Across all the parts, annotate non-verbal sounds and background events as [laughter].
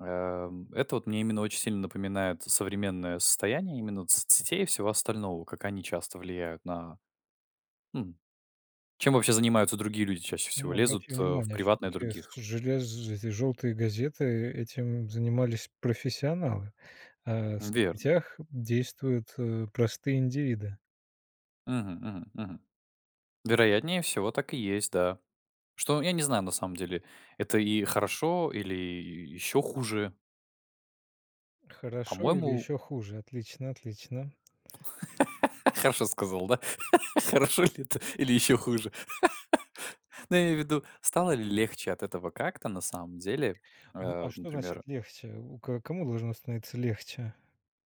Эм, это вот мне именно очень сильно напоминает современное состояние именно вот соцсетей и всего остального. Как они часто влияют на Хм. Чем вообще занимаются другие люди чаще всего? Ну, Лезут, обрати э, в внимание, приватное всё-таки, к других? со желез эти жёлтые газеты, этим занимались профессионалы. А в Верно. соцсетях действуют, э, простые индивиды. Мгм, мгм, мгм. Вероятнее всего, так и есть, да. Что? Я не знаю на самом деле, это и хорошо или ещё хуже. Хорошо или По-моему ещё хуже? Отлично, отлично. [laughs] Хорошо сказал, да? [chuckles] Хорошо ли это или еще хуже. [chuckles] Ну, я имею в виду, стало ли легче от этого как-то на самом деле, Ну, э, а вот, что значит например легче? У ко кому должно становиться легче?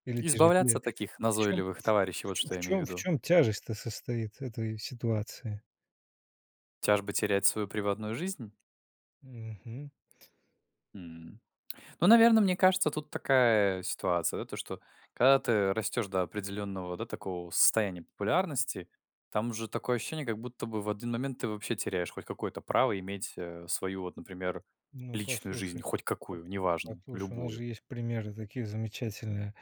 Или Избавляться тяжелее? от таких В чём назойливых ф товарищей, в вот чём что в я имею в чём в виду. чём тяжесть-то состоит этой ситуации? Тяжбы терять свою приватную жизнь? Мгм. М. Ну, наверно, мне кажется, тут такая ситуация, да: то, что когда ты растешь до определенного, да, такого состояния популярности, там уже такое ощущение, как будто бы в один момент ты вообще теряешь хоть какое-то право иметь, э, свою, вот например, Ну, личную жизнь, послушай, хоть по какую, неважно, послушай, у нас любую. же есть примеры такие замечательные.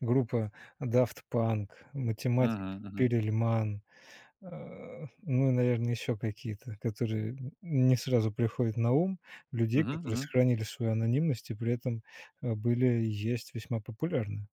Группа Daft Punk, математик Мгм, мгм. Перельман, а, ну и, наверно, ещё какие-то, которые н не сразу приходят на ум, людей, Мгм, которые мгм. сохранили свою анонимность и при этом, э, были и есть весьма популярны.